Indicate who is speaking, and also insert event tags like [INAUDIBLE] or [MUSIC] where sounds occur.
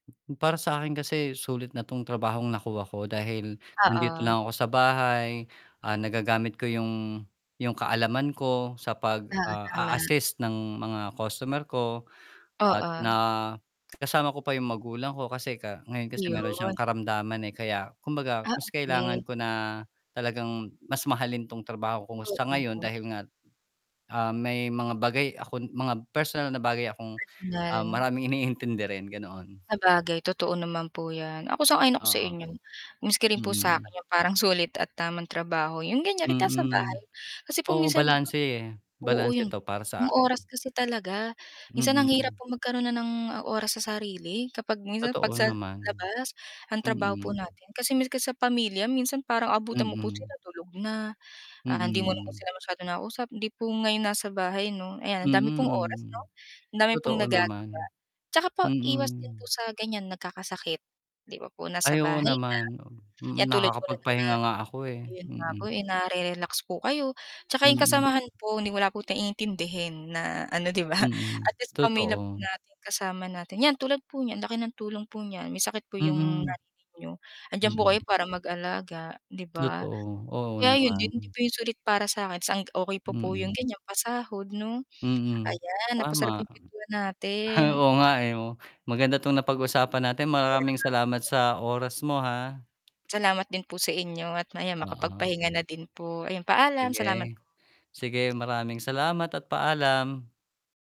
Speaker 1: Para sa akin kasi sulit na 'tong trabahong nakuha ko dahil nandito
Speaker 2: Oo.
Speaker 1: lang ako sa bahay. Ah, nagagamit ko yung yung kaalaman ko sa pag
Speaker 2: Oo,
Speaker 1: ah,
Speaker 2: tama.
Speaker 1: a-assist ng mga customer ko at
Speaker 2: Oo.
Speaker 1: na kasama ko pa yung magulang ko. Kasi ka ngayon kasi meron siyang
Speaker 2: Ayun.
Speaker 1: karamdaman, eh, kaya kumbaga
Speaker 2: Ah,
Speaker 1: mas kailangan
Speaker 2: okay.
Speaker 1: ko na talagang mas mahalin 'tong trabaho ko ngayon
Speaker 2: Oo.
Speaker 1: dahil nga, ah, may mga bagay akong mga personal na bagay akong, ah,
Speaker 2: Personal.
Speaker 1: maraming iniintindi rin, ganoon.
Speaker 2: Sabagay totoo naman po 'yan. Ako sang-ayon ako sa
Speaker 1: Oo.
Speaker 2: inyo. Miski rin po sa
Speaker 1: Mm.
Speaker 2: 'kin 'yong parang sulit at tamang trabaho 'yong ganyan kiahit nasa bahay.
Speaker 1: Mm.
Speaker 2: Kasi po
Speaker 1: Oo,
Speaker 2: minsan, 'di ba
Speaker 1: balanse, eh,
Speaker 2: po, oo
Speaker 1: balanse
Speaker 2: 'yong
Speaker 1: 'to para sa
Speaker 2: 'yong
Speaker 1: akin.
Speaker 2: oras kasi talaga, minsan ang hirap
Speaker 1: Mm.
Speaker 2: magkaroon na ng oras sa sarili kapag minsan 'pag
Speaker 1: Totoo
Speaker 2: sa
Speaker 1: naman.
Speaker 2: labas ang trabaho po
Speaker 1: Mm.
Speaker 2: natin. Kasi miski sa pamilya minsan parang abutan mo po
Speaker 1: Mm.
Speaker 2: sila tulog na, ah, hindi mo na
Speaker 1: Mm.
Speaker 2: sila masyadong nakausap hindi po ngayon nasa bahay no ayan ang dami pong oras 'no,
Speaker 1: Mm.
Speaker 2: ang dami pong
Speaker 1: Totoo
Speaker 2: nagagawa.
Speaker 1: naman.
Speaker 2: Tsaka pa iwas din po
Speaker 1: Mm.
Speaker 2: sa ganyan nagkakasakit, di ba po,
Speaker 1: Ay
Speaker 2: nasa
Speaker 1: oo,
Speaker 2: bahay lang.
Speaker 1: naman, oo.
Speaker 2: Yan
Speaker 1: Mm,
Speaker 2: tulad po na yun nga
Speaker 1: nakakapagpahinga nga ako eh,
Speaker 2: ayun nga po
Speaker 1: mm.
Speaker 2: eh, nare-relax po kayo. Tsaka yung
Speaker 1: Mm.
Speaker 2: kasamahan po hindi wala po iintindihin na ano, di ba, [CHUCKLES]
Speaker 1: Mm,
Speaker 2: at least pamilya po
Speaker 1: totoo.
Speaker 2: natin kasama natin. Yan, tulad po niyan, laki ng tulong po niyan, may sakit po yung
Speaker 1: Mm.
Speaker 2: nanay niyo, 'andiyan po kayo
Speaker 1: Mm.
Speaker 2: para mag-alaga, 'di ba.
Speaker 1: Totoo. Oo
Speaker 2: Kaya ayun din hindi
Speaker 1: naman.
Speaker 2: po yung sulit para sa'kin, tas ang okay pa po yung
Speaker 1: Mm.
Speaker 2: ganyan pasahod no.
Speaker 1: Mm.
Speaker 2: Ayan napasarap
Speaker 1: Tama.
Speaker 2: yung kuwentuhan natin.
Speaker 1: [CHUCKLES] Oo nga, eh, o. Maganda 'tong napag-usapan natin,
Speaker 2: Kaya nga
Speaker 1: maraming salamat
Speaker 2: po, eh.
Speaker 1: sa oras mo ha.
Speaker 2: Salamat din po sa inyo at ayan
Speaker 1: Oo.
Speaker 2: makapagpahinga na din po. Ayan, paalam salamat
Speaker 1: Sige. Sige maraming salamat at paalam.